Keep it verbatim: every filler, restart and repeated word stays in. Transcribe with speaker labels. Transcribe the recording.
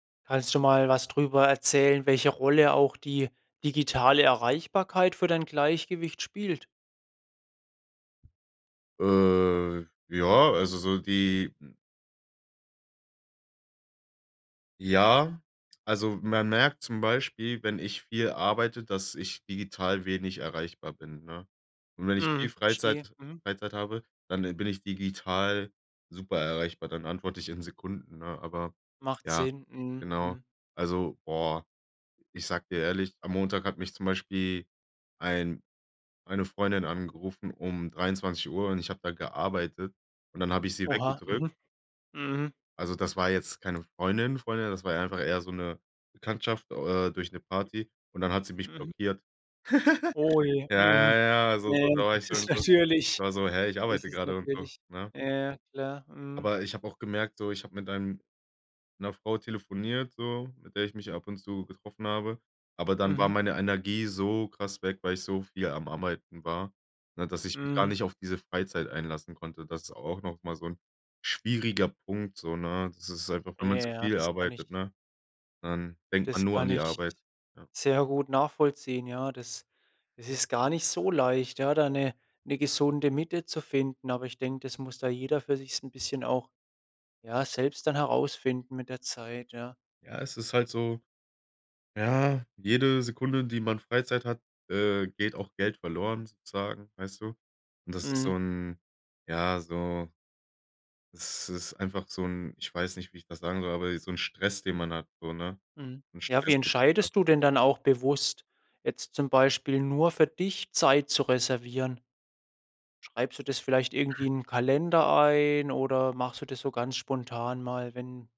Speaker 1: Kannst du mal was drüber erzählen, welche Rolle auch die digitale Erreichbarkeit für dein Gleichgewicht spielt?
Speaker 2: Äh, ja, also so die m Ja, also man merkt zum Beispiel, wenn ich viel arbeite, dass ich digital wenig erreichbar bin, ne? Und wenn ich viel
Speaker 1: Mhm,
Speaker 2: Freizeit
Speaker 1: verstehe. Mhm.
Speaker 2: Freizeit habe, dann bin ich digital super erreichbar, dann antworte ich in Sekunden, ne? Aber
Speaker 1: Macht
Speaker 2: ja,
Speaker 1: Sinn. Mhm.
Speaker 2: genau.
Speaker 1: Mhm.
Speaker 2: Also, boah, ich sage dir ehrlich, am Montag hat mich zum Beispiel ein eine Freundin angerufen um dreiundzwanzig Uhr, und ich habe da gearbeitet, und dann habe ich sie
Speaker 1: Oha.
Speaker 2: weggedrückt.
Speaker 1: Mhm. Mhm.
Speaker 2: Also, das war jetzt keine Freundin Freundin, das war einfach eher so 'ne Bekanntschaft, äh, durch 'ne Party und dann hat sie mich
Speaker 1: Mhm.
Speaker 2: blockiert.
Speaker 1: Oh je.
Speaker 2: Ja,
Speaker 1: Mhm.
Speaker 2: ja, ja, also
Speaker 1: Ne,
Speaker 2: so da
Speaker 1: ähm,
Speaker 2: war ich
Speaker 1: das
Speaker 2: schon
Speaker 1: ist
Speaker 2: so
Speaker 1: natürlich
Speaker 2: da war ich so: „Hä, ich
Speaker 1: das
Speaker 2: arbeite
Speaker 1: ist
Speaker 2: gerade” und so,
Speaker 1: natürlich
Speaker 2: ne?
Speaker 1: ja, ja, klar. Mhm.
Speaker 2: Aber ich habe auch gemerkt so, ich hab mit einem 'ner Frau telefoniert so, mit der ich mich ab und zu getroffen habe. Aber dann war
Speaker 1: Mhm.
Speaker 2: meine Energie so krass weg, weil ich so viel am Arbeiten war, ne, dass ich mich gar
Speaker 1: Mhm.
Speaker 2: nicht auf diese Freizeit einlassen konnte. Das ist auch noch mal so 'n schwieriger Punkt so, ne? Das ist einfach wenn man zu
Speaker 1: Ja,
Speaker 2: viel
Speaker 1: das kann ich
Speaker 2: arbeitet, ne, dann denkt man
Speaker 1: Das
Speaker 2: nur an
Speaker 1: kann
Speaker 2: die
Speaker 1: ich
Speaker 2: Arbeit. Ja.
Speaker 1: sehr gut nachvollziehen, ja. Das es ist gar nicht so leicht, ja? Da 'ne 'ne gesunde Mitte zu finden. Aber ich denke, das muss da jeder für sich so 'n bisschen auch, ja, selbst dann herausfinden mit der Zeit, ja.
Speaker 2: Ja, es ist halt so ja, jede Sekunde, die man Freizeit hat, äh, geht auch Geld verloren sozusagen, weißt du? Und das ist so
Speaker 1: Mhm.
Speaker 2: 'n ja, so Das ist einfach so 'n ich weiß nicht, wie ich das sagen soll, aber ey, so 'n Stress, den man hat, so, ne?
Speaker 1: Mhm.
Speaker 2: 'N
Speaker 1: Ja,
Speaker 2: Stress,
Speaker 1: wie
Speaker 2: den man hat.
Speaker 1: entscheidest du denn dann auch bewusst, jetzt zum Beispiel nur für dich Zeit zu reservieren? Schreibst du das vielleicht irgendwie in 'n Kalender ein, oder machst du das so ganz spontan mal, wenn